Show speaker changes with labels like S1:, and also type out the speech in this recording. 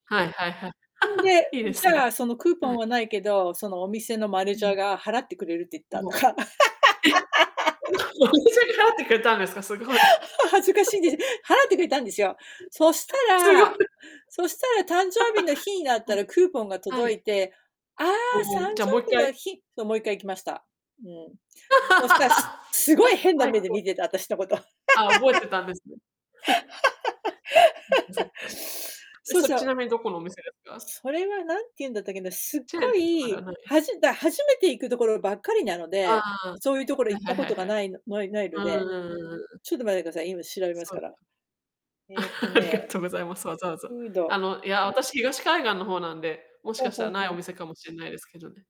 S1: はいはいはい。
S2: うん。で、
S1: いいで
S2: じ
S1: す
S2: ゃあ、
S1: ね。
S2: そのクーポ
S1: は
S2: ン
S1: い。
S2: はないけど、そのお店の
S1: う
S2: manager
S1: ん。
S2: が払ってくれるって言った
S1: もう
S2: とか。
S1: え？お店が払ってくれたんですか？すごい。
S2: は恥ずかしいで。払ってくれたんですよ。そし
S1: [unintelligible]
S2: た
S1: すごい。
S2: らそしたら誕生日の日になっ
S1: は
S2: た
S1: い。
S2: らクーポンが
S1: は
S2: 届い
S1: い。
S2: て、ああ、さん誕
S1: おお、じ
S2: 生
S1: ゃ、もういっ
S2: 日
S1: か
S2: の
S1: い？
S2: 日そ、もう1回行きました。うん。そしたすすごい 変な
S1: あい
S2: 目で
S1: こ。
S2: 見てた、私のこと。
S1: あ、覚えてたんですね。う、そっか。え、
S2: そう
S1: それ、
S2: そ
S1: ち
S2: う。
S1: なみにどこのお店ですか？
S2: それは何て言うんだったっけな、すっ
S1: チェー
S2: ご
S1: ンとかでは
S2: い、
S1: ない？
S2: はじだ初めて行くところばっかりなの
S1: あ
S2: で、
S1: あ。
S2: そういうところ
S1: は
S2: 行っ
S1: いは
S2: た
S1: い
S2: こ
S1: はい
S2: とが
S1: は
S2: な
S1: い。
S2: いのないない
S1: う
S2: の
S1: ーん、
S2: で。
S1: うんうんうん。
S2: ちょっと待ってください、今調べます
S1: そ
S2: か
S1: う。
S2: ら。えっと
S1: ありが
S2: ね、
S1: とうございます。わざわざ。
S2: フー
S1: あ
S2: ド
S1: の、いや、私、東海岸の方なんで、もし
S2: ほう
S1: かした
S2: ほう
S1: らない
S2: ほ
S1: お
S2: う。
S1: 店かもしんないですけどね。